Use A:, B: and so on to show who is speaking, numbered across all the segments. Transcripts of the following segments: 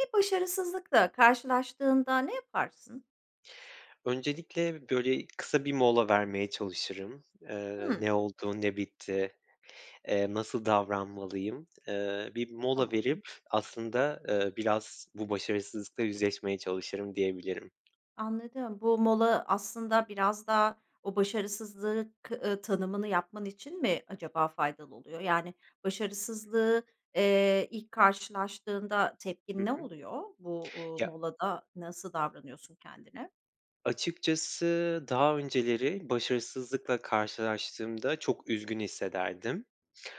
A: Bir başarısızlıkla karşılaştığında ne yaparsın?
B: Öncelikle, böyle, kısa bir mola vermeye çalışırım. Eee,
A: Hıı.
B: ne oldu, ne bitti? Eee, nasıl davranmalıyım? Eee, bir mola
A: Tamam.
B: verip aslında, ııı, biraz bu başarısızlıkla yüzleşmeye çalışırım diyebilirim.
A: Anladım. Bu mola aslında biraz da o başarısızlığı k ııı, tanımını yapman için mi acaba faydalı oluyor? Yani, başarısızlığı, eee, ilk karşılaştığında tepkin
B: Hı
A: ne
B: hı.
A: oluyor? Bu, uuu,
B: Ya
A: molada nasıl davranıyorsun kendine?
B: Açıkçası daha önceleri başarısızlıkla karşılaştığımda çok üzgün hissederdim.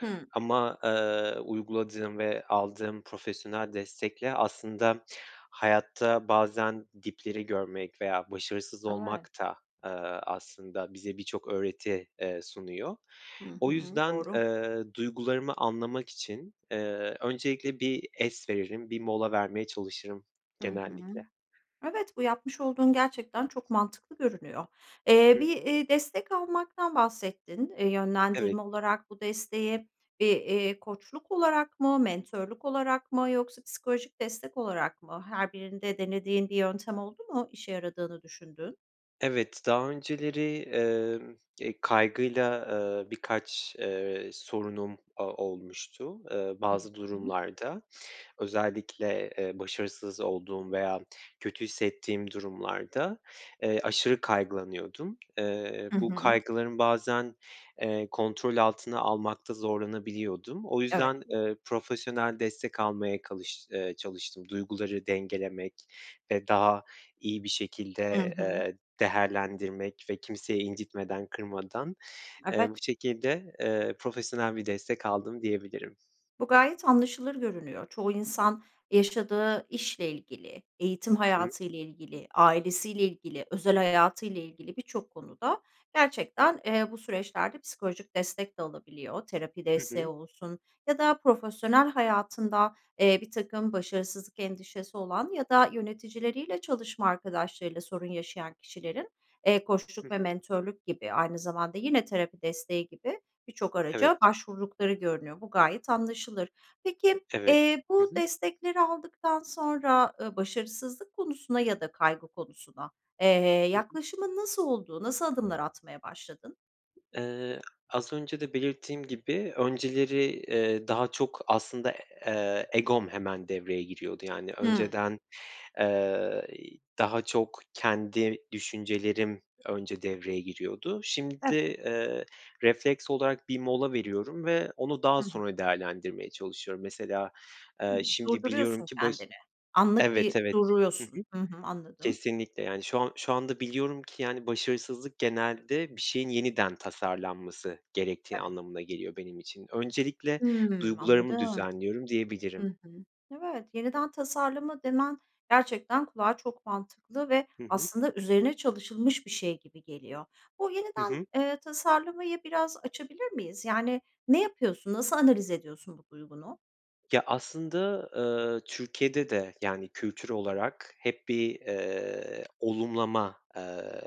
A: Hıı.
B: Ama, eee, uyguladığım ve aldığım profesyonel destekle aslında hayatta bazen dipleri görmek veya başarısız olmak
A: Evet.
B: da, eee, aslında bize birçok öğreti, eee, sunuyor.
A: Hı
B: O
A: hı.
B: yüzden,
A: Doğru.
B: eee, duygularımı anlamak için, eee, öncelikle bir es veririm, bir mola vermeye çalışırım
A: Hı hı.
B: genellikle.
A: Evet, bu yapmış olduğun gerçekten çok mantıklı görünüyor. Eee,
B: Hıh.
A: bir, iii, destek almaktan bahsettin. Eee,
B: Evet.
A: yönlendirme olarak bu desteği bir, eee, koçluk olarak mı, mentörlük olarak mı yoksa psikolojik destek olarak mı? Her birinde denediğin bir yöntem oldu mu işe yaradığını düşündüğün?
B: Evet, daha önceleri, emm, eee, kaygıyla, ııı, birkaç, ııı, sorunum o olmuştu, ııı,
A: Hı
B: bazı
A: hı.
B: durumlarda. Özellikle, eee, başarısız olduğum veya kötü hissettiğim durumlarda, eee, aşırı kaygılanıyordum. Eee,
A: Hı
B: bu
A: hı.
B: kaygılarım bazen, eee, kontrol altına almakta zorlanabiliyordum. O
A: Evet.
B: yüzden, eee, profesyonel destek almaya kalış eee, çalıştım. Duyguları dengelemek ve daha iyi bir
A: Hı
B: şekilde,
A: hı.
B: eee, değerlendirmek ve kimseyi incitmeden, kırmadan, eee, bu
A: Evet.
B: şekilde, eee, profesyonel bir destek aldım diyebilirim.
A: Bu gayet anlaşılır görünüyor. Çoğu insan yaşadığı işle ilgili, eğitim
B: Hı hı.
A: hayatıyla ilgili, ailesiyle ilgili, özel hayatıyla ilgili birçok konuda gerçekten, eee, bu süreçlerde psikolojik destek de alabiliyor. Terapi
B: Hı
A: desteği
B: hı.
A: olsun ya da profesyonel hayatında, eee, birtakım başarısızlık endişesi olan ya da yöneticileriyle çalışma arkadaşlarıyla sorun yaşayan kişilerin, eee,
B: Hıh.
A: koçluk ve mentörlük gibi aynı zamanda yine terapi desteği gibi birçok araca
B: Evet.
A: başvurdukları görünüyor. Bu gayet anlaşılır. Peki,
B: Evet.
A: eee,
B: Hı
A: bu
B: hı.
A: destekleri aldıktan sonra, ııı, başarısızlık konusuna ya da kaygı konusuna, eee,
B: Hı hı.
A: yaklaşımın nasıl oldu? Nasıl adımlar atmaya başladın?
B: Eee, az önce de belirttiğim gibi önceleri, eee, daha çok aslında, eee, egom hemen devreye giriyordu. Yani,
A: Hımm.
B: önceden, eee, daha çok kendi düşüncelerim önce devreye giriyordu. Şimdi,
A: Evet.
B: eee, refleks olarak bir mola veriyorum ve onu daha
A: Hı hı.
B: sonra değerlendirmeye çalışıyorum. Mesela, eee,
A: Hımm,
B: şimdi biliyorum
A: durduruyorsun
B: ki baş
A: kendini. Anlık
B: Evet,
A: bir
B: evet, hı hı.
A: duruyorsun. Hı hı, anladım.
B: Kesinlikle. Yani, şu an şu anda biliyorum ki, yani, başarısızlık genelde bir şeyin yeniden tasarlanması gerektiği
A: Evet.
B: anlamına geliyor benim için. Öncelikle
A: Hımm,
B: duygularımı
A: anladım.
B: düzenliyorum,
A: Hı
B: diyebilirim.
A: hı, evet, yeniden tasarlama demen gerçekten kulağa çok mantıklı ve
B: Hı hı.
A: aslında üzerine çalışılmış bir şey gibi geliyor. Bu
B: Hı
A: yeniden,
B: hı.
A: eee, tasarlamayı biraz açabilir miyiz? Yani, ne yapıyorsun, nasıl analiz ediyorsun bu duygunu?
B: Ya, aslında, ııı, Türkiye'de de, yani, kültür olarak hep bir, eee, olumlama, eee,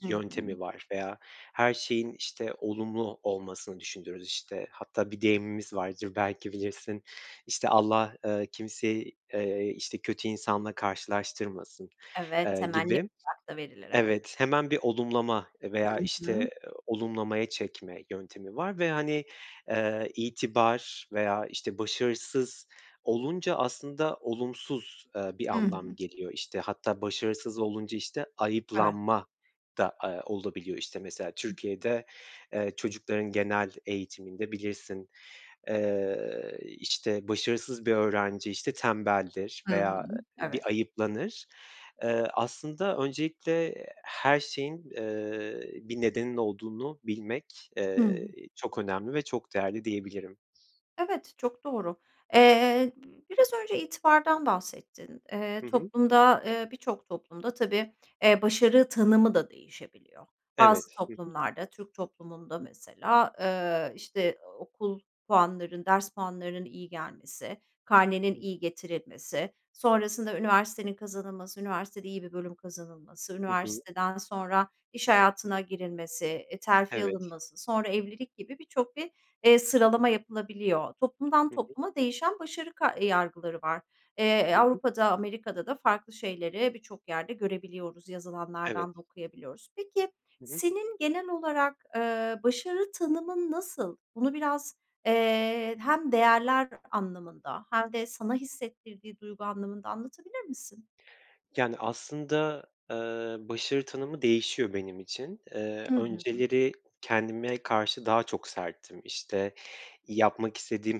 A: Hı hı.
B: yöntemi var veya her şeyin, işte, olumlu olmasını düşünürüz, işte. Hatta bir deyimimiz vardır, belki bilirsin. İşte, Allah, eee, kimseyi, eee, işte, kötü insanla karşılaştırmasın,
A: Evet,
B: eee,
A: hemen
B: gibi.
A: [unintelligible] verilir, evet.
B: Evet, hemen bir olumlama veya,
A: Hı hı.
B: işte, olumlamaya çekme yöntemi var ve, hani, eee, itibar veya, işte, başarısız olunca aslında olumsuz, eee, bir
A: Hı
B: anlam
A: hı.
B: geliyor. İşte, hatta başarısız olunca, işte,
A: Evet.
B: ayıplanma da, eee, olabiliyor. İşte, mesela
A: Hı hı.
B: Türkiye'de, eee, çocukların genel eğitiminde bilirsin, eee, işte, başarısız bir öğrenci, işte, tembeldir
A: Hı hı,
B: veya bir
A: evet.
B: ayıplanır. Eee, aslında öncelikle her şeyin, eee, bir nedeninin olduğunu bilmek,
A: Hı hı.
B: eee, çok önemli ve çok değerli diyebilirim.
A: Evet, çok doğru. Eee, biraz önce itibardan bahsettin. Eee,
B: Hı hı.
A: toplumda, eee, birçok toplumda tabii, eee, başarı tanımı da değişebiliyor. Bazı
B: Evet, hı hı.
A: toplumlarda, Türk toplumunda mesela, ııı, işte, okul puanlarının, ders puanlarının iyi gelmesi, karnenin
B: Hıı.
A: iyi getirilmesi, sonrasında üniversitenin kazanılması, üniversitede iyi bir bölüm kazanılması,
B: Hı hı.
A: üniversiteden sonra iş hayatına girilmesi, e, terfi
B: Evet.
A: alınması, sonra evlilik gibi birçok bir, eee,
B: Hı
A: sıralama
B: hı.
A: yapılabiliyor. Toplumdan
B: Hı hı.
A: topluma değişen başarı ka yargıları var. Eee, e,
B: Hı hı.
A: Avrupa'da, Amerika'da da farklı şeyleri birçok yerde görebiliyoruz,
B: Evet.
A: yazılanlardan da okuyabiliyoruz. Peki,
B: Hı hı.
A: senin genel olarak, eee, başarı tanımın nasıl? Bunu biraz, eee, hem değerler anlamında hem de sana hissettirdiği duygu anlamında anlatabilir misin?
B: Yani, aslında, eee, başarı tanımı değişiyor benim için. Eee,
A: Hı hı.
B: önceleri kendime karşı daha çok serttim. İşte, yapmak istediğim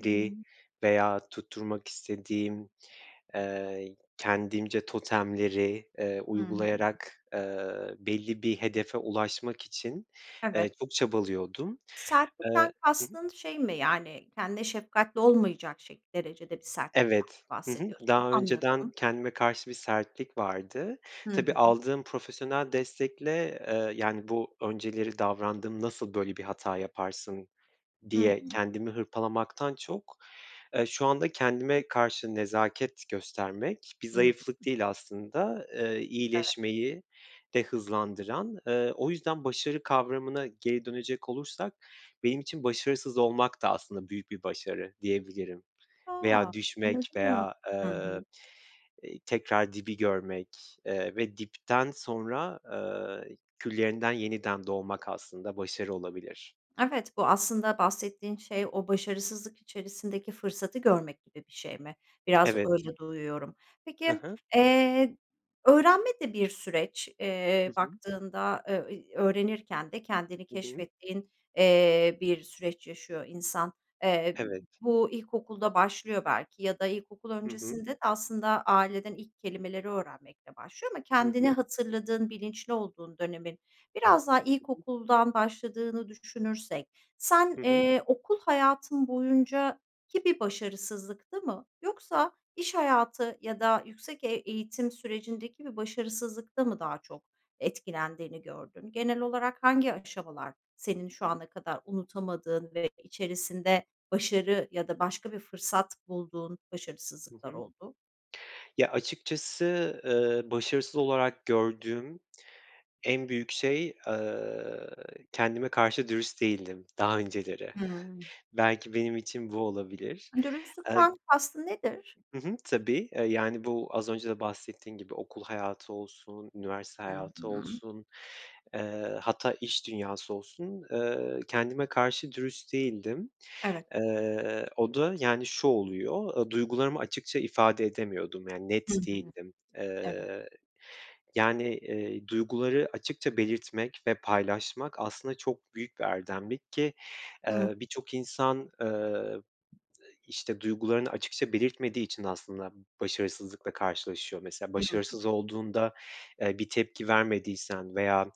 A: Hı hı.
B: veya tutturmak istediğim, eee, kendimce totemleri, eee,
A: Hı hı.
B: uygulayarak, eee, belli bir hedefe ulaşmak için, eee,
A: Evet.
B: çok çabalıyordum. Eee
A: Sertlikten
B: Hı hı.
A: kastın şey mi, yani, kendine şefkatli olmayacak şek derecede bir sertlikten
B: Evet,
A: mi
B: hı hı.
A: bahsediyorsun?
B: Daha önceden
A: Anladım.
B: kendime karşı bir sertlik vardı.
A: Hı
B: Tabii,
A: hı.
B: aldığım profesyonel destekle, eee, yani, bu önceleri davrandığım nasıl böyle bir hata yaparsın,
A: Hı
B: diye
A: hı.
B: kendimi hırpalamaktan çok, eee, şu anda kendime karşı nezaket göstermek bir
A: Hımm.
B: zayıflık değil aslında, eee,
A: Evet.
B: iyileşmeyi de hızlandıran. Eee, o yüzden başarı kavramına geri dönecek olursak benim için başarısız olmak da aslında büyük bir başarı diyebilirim.
A: A!
B: Veya düşmek
A: Anladım,
B: veya,
A: hı
B: eee,
A: hı.
B: iii, tekrar dibi görmek, eee, ve dipten sonra, eee, küllerinden yeniden doğmak aslında başarı olabilir.
A: Evet, bu aslında bahsettiğin şey o başarısızlık içerisindeki fırsatı görmek gibi bir şey mi? Biraz
B: Evet.
A: öyle duyuyorum.
B: Hı
A: Peki,
B: hı.
A: eee, öğrenme de bir süreç,
B: Hı
A: eee,
B: hı.
A: baktığında, eee, öğrenirken de kendini
B: Hı hı.
A: keşfettiğin, eee, bir süreç yaşıyor insan. Eee,
B: Evet.
A: bu ilkokulda başlıyor belki ya da ilkokul
B: Hı hı.
A: öncesinde de aslında aileden ilk kelimeleri öğrenmekle başlıyor ama
B: Hı
A: kendini
B: hı.
A: hatırladığın, bilinçli olduğun dönemin biraz daha
B: Hı hı.
A: ilkokuldan başladığını düşünürsek sen,
B: Hı hı.
A: eee, okul hayatın boyunca ki bir başarısızlıkta mı yoksa iş hayatı ya da yüksek e eğitim sürecindeki bir başarısızlıkta mı daha çok etkilendiğini gördün? Genel olarak hangi aşamalar senin şu ana kadar unutamadığın ve içerisinde başarı ya da başka bir fırsat bulduğun
B: Hı
A: başarısızlıklar
B: hı,
A: oldu?
B: ya, açıkçası, eee, başarısız olarak gördüğüm en büyük şey, eee, kendime karşı dürüst değildim daha önceleri.
A: Hımm.
B: Belki benim için bu olabilir. Eee
A: Dürüstlükten kastın nedir?
B: Hı hı, tabii. Eee, yani, bu az önce de bahsettiğin gibi okul hayatı olsun, üniversite
A: Hı
B: hayatı
A: hı.
B: olsun, eee, hatta iş dünyası olsun, eee, kendime karşı dürüst değildim.
A: Evet.
B: Eee, o da, yani, şu oluyor, eee, duygularımı açıkça ifade edemiyordum. Yani,
A: Hı
B: net
A: hı,
B: değildim.
A: evet.
B: Eee, yani, eee, duyguları açıkça belirtmek ve paylaşmak aslında çok büyük bir erdemlik ki,
A: Hımm.
B: eee, birçok insan, eee, işte, duygularını açıkça belirtmediği için aslında başarısızlıkla karşılaşıyor. Mesela
A: Hı hı.
B: başarısız olduğunda, eee, bir tepki vermediysen veya,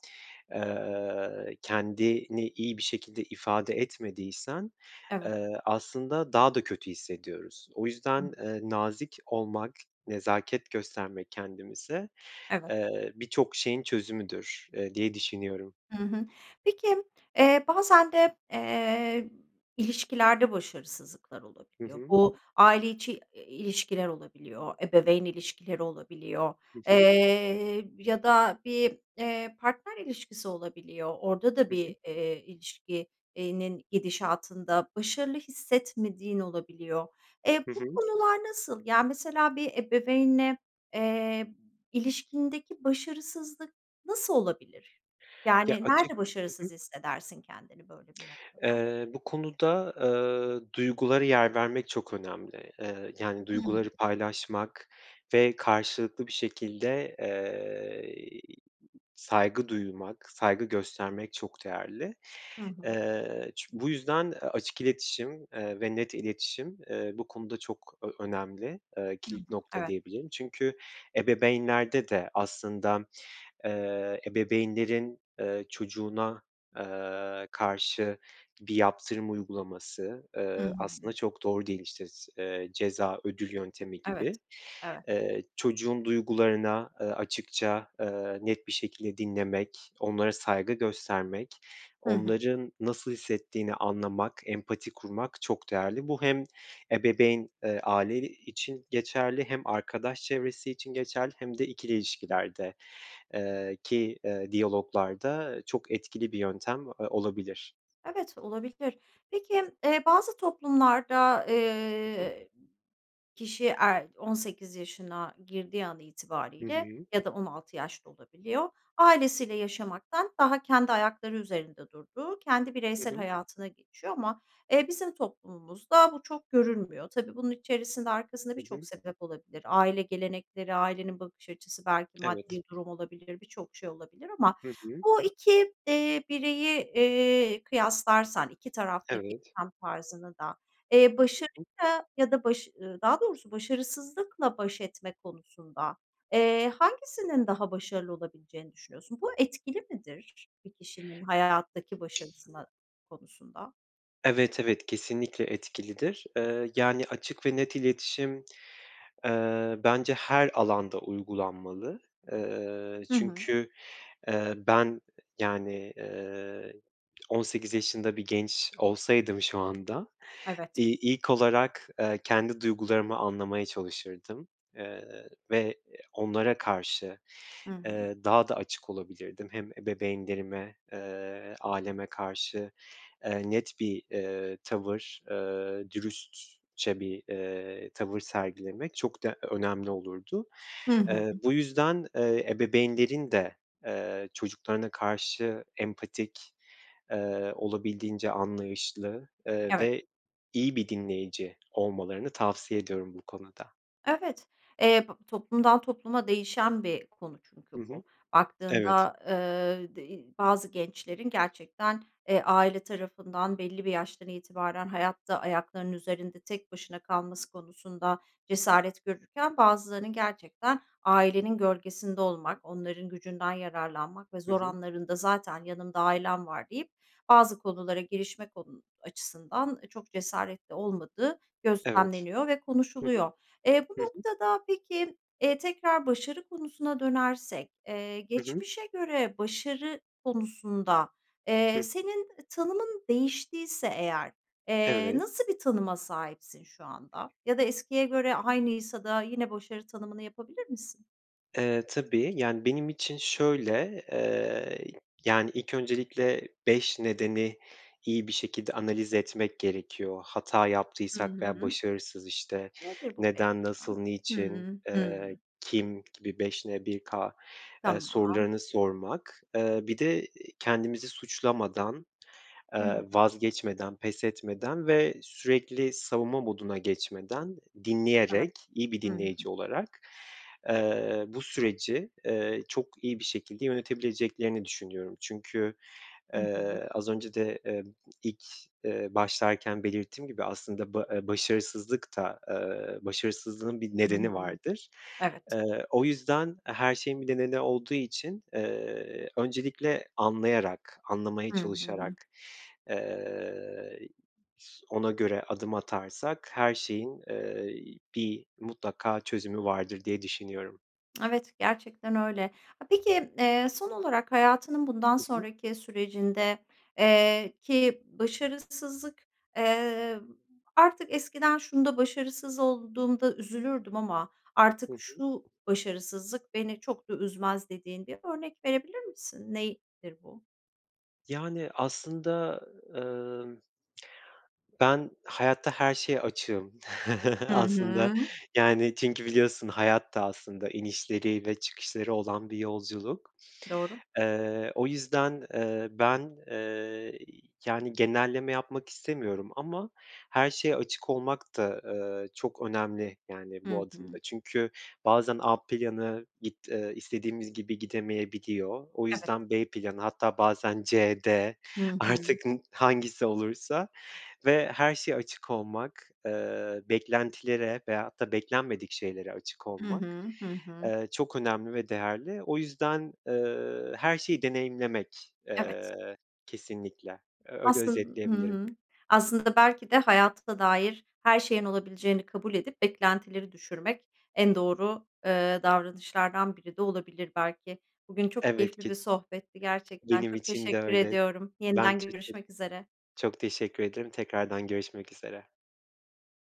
B: eee, kendini iyi bir şekilde ifade etmediysen,
A: Evet.
B: eee, aslında daha da kötü hissediyoruz. O
A: Hımm.
B: yüzden, eee, nazik olmak, nezaket göstermek kendimize,
A: Evet.
B: eee, birçok şeyin çözümüdür, eee, diye düşünüyorum.
A: Hı hı. Peki, eee, bazen de, eee, ilişkilerde başarısızlıklar
B: Hı
A: olabiliyor.
B: hı.
A: Bu aile içi ilişkiler olabiliyor, ebeveyn ilişkileri olabiliyor,
B: Hı hı.
A: eee, ya da bir, eee, partner ilişkisi olabiliyor. Orada da
B: Hı hı.
A: bir, eee, ilişki eee, nin gidişatında başarılı hissetmediğin olabiliyor. Eee,
B: Hı
A: bu
B: hı.
A: konular nasıl? Yani, mesela bir ebeveynle, eee, ilişkindeki başarısızlık nasıl olabilir?
B: Ya,
A: Yani,
B: açık
A: nerede
B: Hı hı.
A: başarısız hissedersin kendini böyle bir noktada?
B: Eee, bu konuda, eee, duygulara yer vermek çok önemli. Eee, yani,
A: Hı hı.
B: duyguları paylaşmak ve karşılıklı bir şekilde, eee, saygı duymak, saygı göstermek çok değerli.
A: Hı hı.
B: Eee, çü bu yüzden açık iletişim, eee, ve net iletişim, eee, bu konuda çok ö önemli. Eee,
A: Hı hı,
B: kilit nokta
A: evet.
B: diyebilirim. Çünkü ebeveynlerde de aslında, eee, ebeveynlerin, eee, çocuğuna, eee, karşı bir yaptırım uygulaması,
A: Hı
B: eee,
A: hı.
B: aslında çok doğru değil. İşte, s eee, ceza ödül yöntemi
A: Evet,
B: gibi.
A: evet.
B: Eee, çocuğun duygularına, eee, açıkça, eee, net bir şekilde dinlemek, onlara saygı göstermek,
A: Hı hı.
B: onların nasıl hissettiğini anlamak, empati kurmak çok değerli. Bu hem ebeveyn, eee, aile için geçerli hem arkadaş çevresi için geçerli hem de ikili ilişkilerde eee, ki diyaloglarda çok etkili bir yöntem, eee, olabilir.
A: Evet, olabilir. Peki, eee, bazı toplumlarda,
B: Hı hı.
A: eee, kişi er 18 yaşına girdiği an
B: Hı
A: itibariyle
B: hı.
A: ya da 16 yaş da olabiliyor, ailesiyle yaşamaktan daha kendi ayakları üzerinde durduğu, kendi
B: Hı
A: bireysel
B: hı.
A: hayatına geçiyor ama, eee, bizim toplumumuzda bu çok görülmüyor. Tabii bunun içerisinde, arkasında
B: Hı
A: birçok
B: hı.
A: sebep olabilir, aile gelenekleri, ailenin bakış açısı, belki
B: Evet.
A: maddi durum olabilir, birçok şey olabilir ama
B: Hı hı.
A: bu 2 eee, bireyi, eee, kıyaslarsan, 2 taraftaki
B: Evet.
A: tam tarzını da, eee,
B: Hı
A: başarı
B: hı.
A: ya da baş daha doğrusu başarısızlıkla baş etme konusunda, eee, hangisinin daha başarılı olabileceğini düşünüyorsun? Bu etkili midir bir kişinin hayattaki başarısına konusunda?
B: Evet, evet. Kesinlikle etkilidir. Eee, yani, açık ve net iletişim, eee, bence her alanda uygulanmalı. Eee,
A: Hı hı.
B: çünkü, eee, ben, yani, eee, 18 yaşında bir genç olsaydım şu anda,
A: Evet.
B: iii, ilk olarak, eee, kendi duygularımı anlamaya çalışırdım. Eee, ve onlara karşı,
A: Hı hı.
B: eee, daha da açık olabilirdim. Hem ebeveynlerime, eee, aileme karşı, eee, net bir, eee, tavır, eee, dürüstçe bir, eee, tavır sergilemek çok de önemli olurdu.
A: Hı hı.
B: Eee, bu yüzden, eee, ebeveynlerin de, eee, çocuklarına karşı empatik, eee, olabildiğince anlayışlı, eee,
A: Evet.
B: ve iyi bir dinleyici olmalarını tavsiye ediyorum bu konuda.
A: Evet, eee, b toplumdan topluma değişen bir konu çünkü
B: Hı hı,
A: bu.
B: evet.
A: Baktığında, eee, d eee, bazı gençlerin gerçekten, eee, aile tarafından belli bir yaştan itibaren hayatta ayaklarının üzerinde tek başına kalması konusunda cesaret görürken, bazılarının gerçekten ailenin gölgesinde olmak, onların gücünden yararlanmak ve
B: Hı
A: zor
B: hı.
A: anlarında zaten yanımda ailem var deyip bazı konulara girişme konu açısından çok cesaretli olmadığı
B: Evet.
A: gözlemleniyor ve
B: Hı hı,
A: konuşuluyor. Eee, bu
B: hı hı.
A: noktada peki, eee, tekrar başarı konusuna dönersek, eee,
B: Hı hı.
A: geçmişe göre başarı konusunda,
B: Hı
A: eee,
B: hı.
A: senin tanımın değiştiyse eğer, eee,
B: Evet.
A: nasıl bir tanıma sahipsin şu anda? Ya da eskiye göre aynıysa da yine başarı tanımını yapabilir misin?
B: Eee, tabii. Yani, benim için şöyle, eee, yani, ilk öncelikle 5 nedeni iyi bir şekilde analiz etmek gerekiyor. Hata
A: Hı hı,
B: yaptıysak veya
A: hıı.
B: başarısız, işte,
A: Nedir bu 5
B: neden, nasıl,
A: neden?
B: niçin,
A: Hımm,
B: eee,
A: hımm.
B: kim gibi 5N1K, eee,
A: Tamam.
B: sorularını sormak, eee, bir de kendimizi suçlamadan, eee,
A: Hı hı.
B: vazgeçmeden, pes etmeden ve sürekli savunma moduna geçmeden,
A: Evet,
B: dinleyerek, iyi bir
A: ı hı.
B: dinleyici olarak, eee, bu süreci, eee, çok iyi bir şekilde yönetebileceklerini düşünüyorum. Çünkü,
A: I hı.
B: eee, az önce de, eee, ilk, eee, başlarken belirttiğim gibi aslında ba eee, başarısızlık da, eee, başarısızlığın bir
A: I hı,
B: nedeni vardır.
A: evet.
B: Eee, o yüzden, eee, her şeyin bir nedeni olduğu için, eee, öncelikle anlayarak, anlamaya
A: Hı hı.
B: çalışarak, eee, ona göre adım atarsak her şeyin, eee, bir mutlaka çözümü vardır, diye düşünüyorum.
A: Evet, gerçekten öyle. Eee, peki, eee, son olarak hayatının bundan
B: Hı hı.
A: sonraki sürecinde eee, ki başarısızlık, eee, artık eskiden şunda başarısız olduğumda üzülürdüm ama
B: Hı
A: artık şu
B: hı.
A: başarısızlık beni çok da üzmez dediğin bir örnek verebilir misin? Nedir bu?
B: Yani, aslında, ımm, ben hayatta her şeye açığım
A: Hı
B: aslında.
A: hı.
B: Yani, çünkü biliyorsun hayat da aslında inişleri ve çıkışları olan bir yolculuk.
A: Doğru.
B: Eee, o yüzden, eee, ben, eee, yani, genelleme yapmak istemiyorum ama her şeye açık olmak da, eee, çok önemli, yani, bu
A: Hı
B: adımda.
A: hı.
B: Çünkü bazen A planı git eee, istediğimiz gibi gidemeyebiliyor. O
A: Evet.
B: yüzden B planı hatta bazen C, D,
A: Hı hı.
B: artık hangisi olursa ve her şeye açık olmak, eee, beklentilere veyahut da beklenmedik şeylere açık
A: Hı
B: olmak,
A: hı, hı hı.
B: eee, çok önemli ve değerli. O yüzden, eee, her şeyi deneyimlemek,
A: Evet.
B: eee, kesinlikle. Öyle
A: Aslın Hı
B: özetleyebilirim.
A: hı. Aslında, belki de hayata dair her şeyin olabileceğini kabul edip beklentileri düşürmek en doğru, ııı, davranışlardan biri de olabilir belki. Bugün çok
B: Evet,
A: keyifli
B: ke
A: bir sohbetti, gerçekten
B: Benim
A: çok
B: için de
A: teşekkür
B: öyle.
A: ediyorum.
B: Ben de
A: Yeniden
B: çok
A: görüşmek üzere.
B: çok teşekkür ederim. Tekrardan görüşmek üzere.